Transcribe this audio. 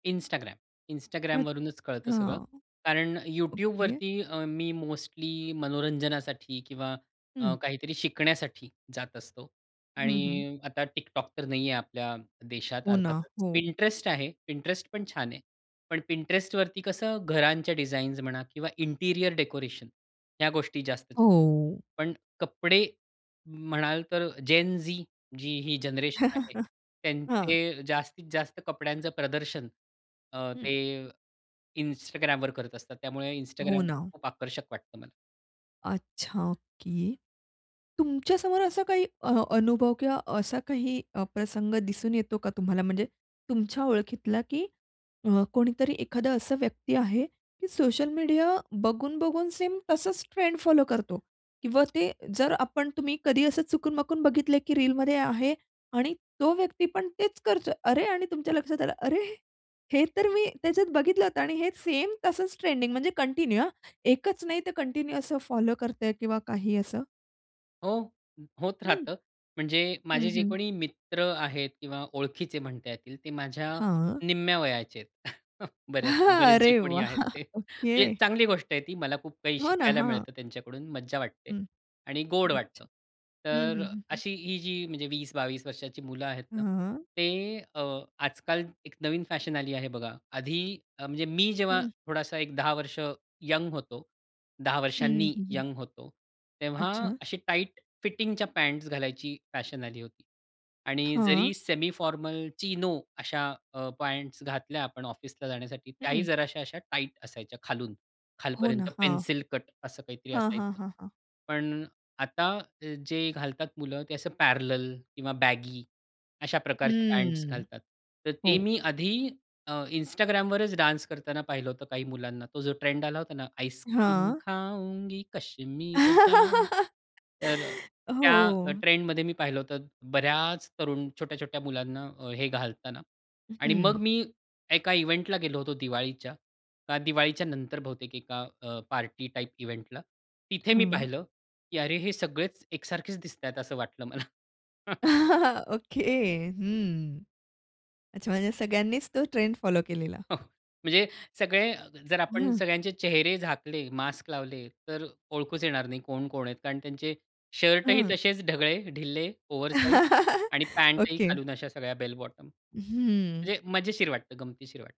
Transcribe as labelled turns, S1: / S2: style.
S1: Instagram.
S2: अच्छ
S1: Instagramवरूनच कळतं
S2: हां.
S1: सगळं. कारण
S2: ओके.
S1: YouTubeवरती अ, मी मोस्टली मनोरंजनासाठी किंवा अ,
S2: हं.
S1: काहीतरी शिकण्यासाठी जात असतो
S2: हं, हं.
S1: आणि आता TikTok तर नाहीये आपल्या देशात
S2: हो ना,
S1: अर्थातच.
S2: हो.
S1: Pinterest आहे. Pinterest पण छान आहे. पण Pintrestवरती कसं घरांच्या डिझाईन्स म्हणा किंवा इंटिरियर डेकोरेशन ह्या गोष्टी जास्त. [unintelligible]
S2: हो.
S1: पण कपडे म्हणाल तर जेन-झी जी ही जनरेशन आहे
S2: हां.
S1: त्यांचे जास्तीत जास्त कपड्यांचं प्रदर्शन अ,
S2: हं.
S1: ते Instagramवर करत असतात. त्यामुळे
S2: हो
S1: Instagram पण
S2: ना.
S1: खूप आकर्षक वाटतं मला.
S2: अच्छा की तुमच्यासमोर असा काही अ, अनुभव किंवा असा काही अ, प्रसंग दिसून येतो का तुम्हाला म्हणजे तुमच्या ओळखीतला की अ, कोणीतरी एखादा असा व्यक्ती आहे की सोशल मीडिया बघून-बघून सेम तसंच ट्रेंड फॉलो करतो? किंवा ते जर आपण तुम्ही कधी असं चुकून-माकून बघितलंय की रिलमध्ये आहे आणि तो व्यक्ती पण तेच करतोय. अरे! आणि तुमच्या लक्षात आलं, अरे! हे तर मी त्याच्यात बघितलं होत आणि हे सेम तसंच ट्रेंडिंग म्हणजे कंटिन्यू हा. एकच नाही ते कंटिन्यू असं फॉलो करतंय किंवा काही असं?
S1: हो. होत
S2: हं,
S1: राहतं. म्हणजे
S2: हं,
S1: माझे जे
S2: हं.
S1: कोणी मित्र आहेत किंवा ओळखीचे म्हणता येतील ते माझ्या
S2: हां.
S1: निम्म्या वयाचे आहेत बऱ्याच
S2: हां.
S1: बरेच जे
S2: अरे
S1: कोणी
S2: वाह!
S1: आहेत ते. म्हणजे
S2: ओके.
S1: चांगली गोष्ट आहे ती. मला खूप काही
S2: हो ना,
S1: शिकायला
S2: हां.
S1: मिळतं त्यांच्याकडून, मज्जा वाटते
S2: हं,
S1: आणि गोड
S2: अच्छा.
S1: वाटतं.
S2: हं,
S1: तर
S2: हं, हं, हं.
S1: अशी ही जी म्हणजे 20-22 वर्षाची मुलं आहेत ना.
S2: हां.
S1: ते अ, आजकाल एक नवीन फॅशन आली आहे बघा. आधी अ, म्हणजे मी जेव्हा
S2: हं.
S1: थोडासा एक 10 वर्ष यंग होतो. 10
S2: हं, हं,
S1: वर्षांनी
S2: हं, हं.
S1: यंग होतो. तेव्हा
S2: अच्छा.
S1: अशी टाईट फिटिंगच्या पँट्स घालायची फॅशन आली होती आणि
S2: हां.
S1: जरी सेमी फॉर्मल चिनो अ, अशा पँट्स घातल्या आपण ऑफिसला जाण्यासाठी त्याही
S2: हं.
S1: जराश्या अशा टाईट असायच्या खालून.
S2: हो ना,
S1: खालपर्यंत
S2: हां.
S1: पेन्सिल कट असं काहीतरी
S2: हां, हां,
S1: असायचं.
S2: हां, हां.
S1: पण आता जे घालतात मुलं ते असं पॅरॅलल किंवा बॅगी अशा प्रकारचे पँट्स
S2: हं.
S1: घालतात. तर ते
S2: हो.
S1: मी आधी अ, Instagramवरच डान्स करताना पाहिलं होतं काही मुलांना. तो जो ट्रेंड आला होता ना आईसक्रीम
S2: हां.
S1: खाउंगी, कश्मीर जाउंगी. तर त्या
S2: हो.
S1: ट्रेंडमध्ये मी पाहिलं होतं बऱ्याच तरुण छोट्या-छोट्या मुलांना अ, हे घालताना आणि मग
S2: हं.
S1: मी एका इव्हेंटला गेलो होतो दिवाळीच्या. का दिवाळीच्यानंतर बहुतेक एका अ, पार्टी टाइप इव्हेंटला. तिथे मी
S2: हं.
S1: पाहिलं की "अरे! हे सगळेच एकसारखेच दिसतायत" असं वाटलं मला.
S2: ओके, हं. अच्छा म्हणजे सगळ्यांनीच तो ट्रेंड फॉलो केलेला?
S1: हं. म्हणजे सगळे जर आपण
S2: हं.
S1: सगळ्यांचे चेहरे झाकले, मास्क लावले, तर ओळखूच येणार नाही कोण-कोण आहेत. कारण त्यांचे शर्टही
S2: हं.
S1: तसेच ढगळे, ढिल्ले, ओव्हर साइझ आणि पॅंटही
S2: ओके.
S1: खालून अशा सगळ्या बेल बॉटम
S2: हं.
S1: म्हणजे मजेशीर वाटतं, गमतीशीर वाटतं.